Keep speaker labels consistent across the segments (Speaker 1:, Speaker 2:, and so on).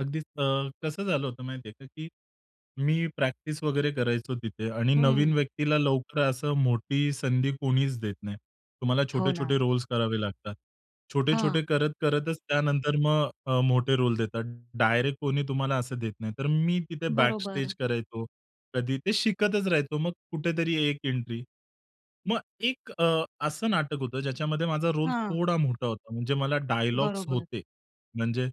Speaker 1: अगदीच अ, कसं झालं होतं माहिती आहे का, की मी प्रॅक्टिस वगैरे करायचो तिथे आणि नवीन
Speaker 2: हं.
Speaker 1: व्यक्तीला लवकर असं मोठी संधी कोणीच देत नाही. तुम्हाला
Speaker 2: हो
Speaker 1: छोटे-छोटे
Speaker 2: ना.
Speaker 1: रोल्स करावे लागतात. छोटे-छोटे
Speaker 2: हां.
Speaker 1: करत-करतच त्यानंतर मग अ, मोठे रोल देतात. डायरेक्ट कोणी तुम्हाला असं देत नाही. तर मी तिथे
Speaker 2: बरोबर.
Speaker 1: बॅकस्टेज करायचो. कधी ते शिकतच राहायचो. मग कुठेतरी 1 एंट्री, मग एक अ, असं नाटक होतं ज्याच्यामध्ये माझा रोल
Speaker 2: हां.
Speaker 1: थोडा मोठा होता. म्हणजे मला डायलॉग्स
Speaker 2: बरोबर.
Speaker 1: होते. म्हणजे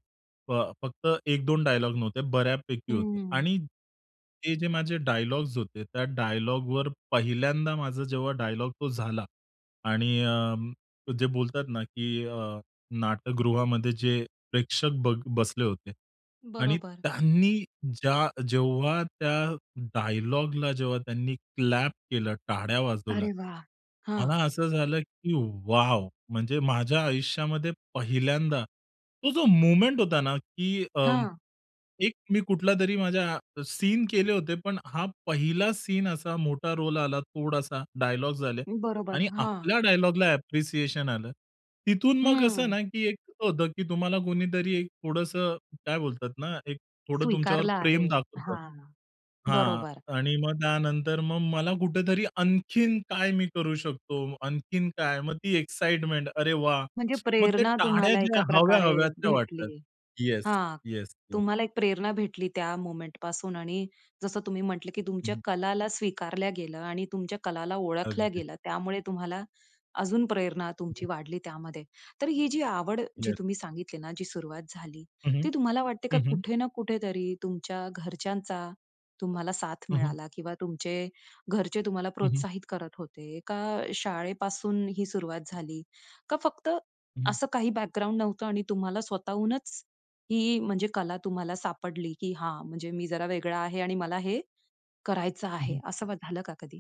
Speaker 1: फ फक्त 1-2 डायलॉग नव्हते, बऱ्यापैकी
Speaker 2: हं,
Speaker 1: होते
Speaker 2: हं.
Speaker 1: आणि हे जे माझे डायलॉग्स होते, त्या डायलॉगवर पहिल्यांदा माझा जेव्हा डायलॉग तो झाला आणि अ, जे बोलतात ना, की अ, नाटकगृहामध्ये जे प्रेक्षक ब बसले होते आणि
Speaker 2: बरोबर.
Speaker 1: त्यांनी ज्या जेव्हा त्या डायलॉगला जेव्हा त्यांनी क्लॅप केलं, टाळ्या
Speaker 2: अरे वाह! हां.
Speaker 1: मला असं झालं की वाव! म्हणजे माझ्या आयुष्यामध्ये पहिल्यांदा तो जो मोमेंट होता ना, की अ,
Speaker 2: हां.
Speaker 1: एक मी कुठलातरी माझ्या सीन केले होते. पण हा 1ला सीन असा मोठा रोल आला थोडासा, डायलॉग्स आले
Speaker 2: बरोबर,
Speaker 1: आणि
Speaker 2: हां.
Speaker 1: आपल्या डायलॉगला अप्रिसिएशन आलं. तिथून मग कसं
Speaker 2: हं.
Speaker 1: ना, की एक होतं, की तुम्हाला कोणीतरी एक थोडंसं काय बोलतात ना, एक थोडं तुमच्यावर
Speaker 2: स्वीकारला आहे.
Speaker 1: प्रेम दाखवतं
Speaker 2: हां,
Speaker 1: हां,
Speaker 2: बरोबर.
Speaker 1: आणि मग त्यानंतर मग मला कुठेतरी आणखीन काय मी करू शकतो, आणखीन काय? मग ती एक्साइटमेंट अरे वाह!
Speaker 2: म्हणजे
Speaker 1: मग ते
Speaker 2: प्रेरणा
Speaker 1: टाळ्या
Speaker 2: तुम्हाला
Speaker 1: ज्या
Speaker 2: एका प्रकारे
Speaker 1: हव्या-हव्या त्या वाटतात.
Speaker 2: भेटली.
Speaker 1: येस,
Speaker 2: हां,
Speaker 1: येस, येस.
Speaker 2: तुम्हाला एक प्रेरणा भेटली त्या मोमेंटपासून आणि जसं तुम्ही म्हटलं, की
Speaker 1: हं,
Speaker 2: तुमच्या
Speaker 1: हं.
Speaker 2: कलाला स्वीकारल्या गेलं आणि तुमच्या कलाला ओळखल्या
Speaker 1: अगदीच.
Speaker 2: गेलं. त्यामुळे तुम्हाला अजून प्रेरणा तुमची वाढली त्यामध्ये. तर ही जी आवड जी
Speaker 1: येस.
Speaker 2: तुम्ही सांगितली ना, जी सुरुवात झाली,
Speaker 1: हं, हं,
Speaker 2: ती तुम्हाला वाटते का
Speaker 1: हं, हं.
Speaker 2: कुठे ना कुठेतरी तुमच्या घरच्यांचा, तुम्हाला साथ
Speaker 1: हं, हं.
Speaker 2: मिळाला किंवा तुमचे घरचे तुम्हाला
Speaker 1: हं, हं.
Speaker 2: प्रोत्साहित करत होते, का शाळेपासून ही सुरुवात झाली? का फक्त
Speaker 1: हं, हं.
Speaker 2: असं काही बॅकग्राऊंड नव्हतं आणि तुम्हाला स्वतःहूनच ही म्हणजे कला तुम्हाला सापडली, की हां, म्हणजे मी जरा वेगळा आहे आणि मला हे करायचं
Speaker 1: हं,
Speaker 2: आहे.
Speaker 1: हं.
Speaker 2: असं मग झालं का कधी?